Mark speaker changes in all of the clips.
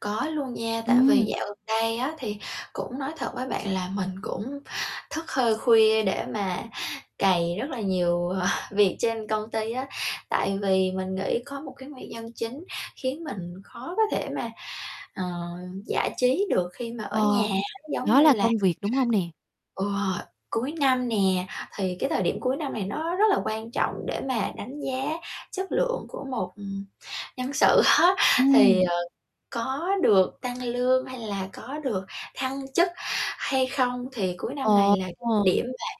Speaker 1: Có luôn nha. Tại vì
Speaker 2: Ừm.
Speaker 1: dạo gần đây á, thì cũng nói thật với bạn là mình cũng thức hơi khuya để mà cày rất là nhiều, ờ, việc trên công ty á. Tại vì mình nghĩ có một cái nguyên nhân chính khiến mình khó có thể mà, ờ, giải trí được khi mà ở nhà,
Speaker 2: Ờ,
Speaker 1: giống
Speaker 2: đó
Speaker 1: như
Speaker 2: là
Speaker 1: là
Speaker 2: công việc, đúng hông nè?
Speaker 1: Ừ, cuối năm nè, thì cái thời điểm cuối năm này nó rất là quan trọng để mà đánh giá chất lượng của một, ừm, nhân sự á. Thì,
Speaker 2: Ừm.
Speaker 1: ờ, có được tăng lương hay là có được thăng chức hay không, thì cuối năm này
Speaker 2: Ồ!
Speaker 1: là thời điểm mà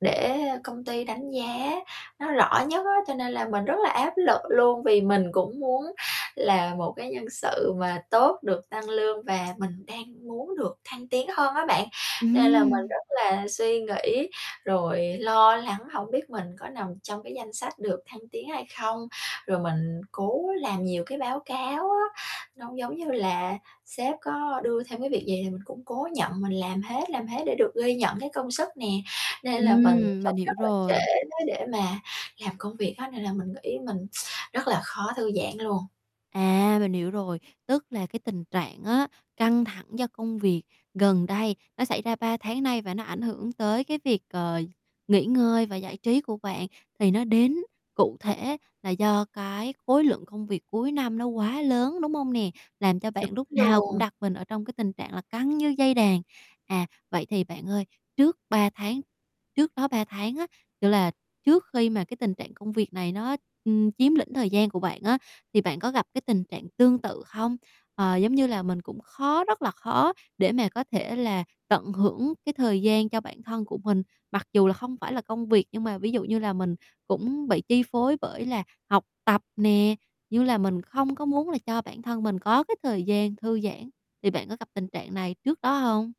Speaker 1: để công ty đánh giá nó rõ nhất á. Cho nên là mình rất là áp lực luôn vì mình cũng muốn là một cái nhân sự mà tốt, được tăng lương và mình đang muốn được thăng tiến hơn á bạn, nên là mình
Speaker 2: Ừm.
Speaker 1: rất là suy nghĩ rồi lo lắng hổng biết mình có nằm trong cái danh sách được thăng tiến hay không. Rồi mình cố làm nhiều cái báo cáo á, nó giống như là sếp có đưa thêm cái việc gì thì mình cũng cố nhận mình làm hết, làm hết để được ghi nhận cái công sức nè. Nên là mình
Speaker 2: Ừm, mình
Speaker 1: sống rất
Speaker 2: hiểu
Speaker 1: là
Speaker 2: rồi.
Speaker 1: trễ đó để mà làm công việc á, nên là mình nghĩ mình rất là khó thư giãn luôn.
Speaker 2: À, mình hiểu rồi, tức là cái tình trạng á, căng thẳng do công việc gần đây, nó xảy ra 3 tháng nay và nó ảnh hưởng tới cái việc, ờ, nghỉ ngơi và giải trí của bạn, thì nó đến cụ thể là do cái khối lượng công việc cuối năm nó quá lớn, đúng hông nè? Làm cho
Speaker 1: Đúng
Speaker 2: bạn lúc nào cũng
Speaker 1: luôn.
Speaker 2: đặt mình ở trong cái tình trạng là căng như dây đàn. À, vậy thì bạn ơi, trước 3 tháng trước đó 3 tháng á, kiểu là trước khi mà cái tình trạng công việc này nó, ưm, chiếm lĩnh thời gian của bạn á, thì bạn có gặp cái tình trạng tương tự không? Ờ, giống như là mình cũng khó rất là khó để mà có thể là tận hưởng cái thời gian cho bản thân của mình. Mặc dù là không phải là công việc, nhưng mà ví dụ như là mình cũng bị chi phối bởi là học tập nè, như là mình không có muốn là cho bản thân mình có cái thời gian thư giãn, thì bạn có gặp tình trạng này trước đó hông?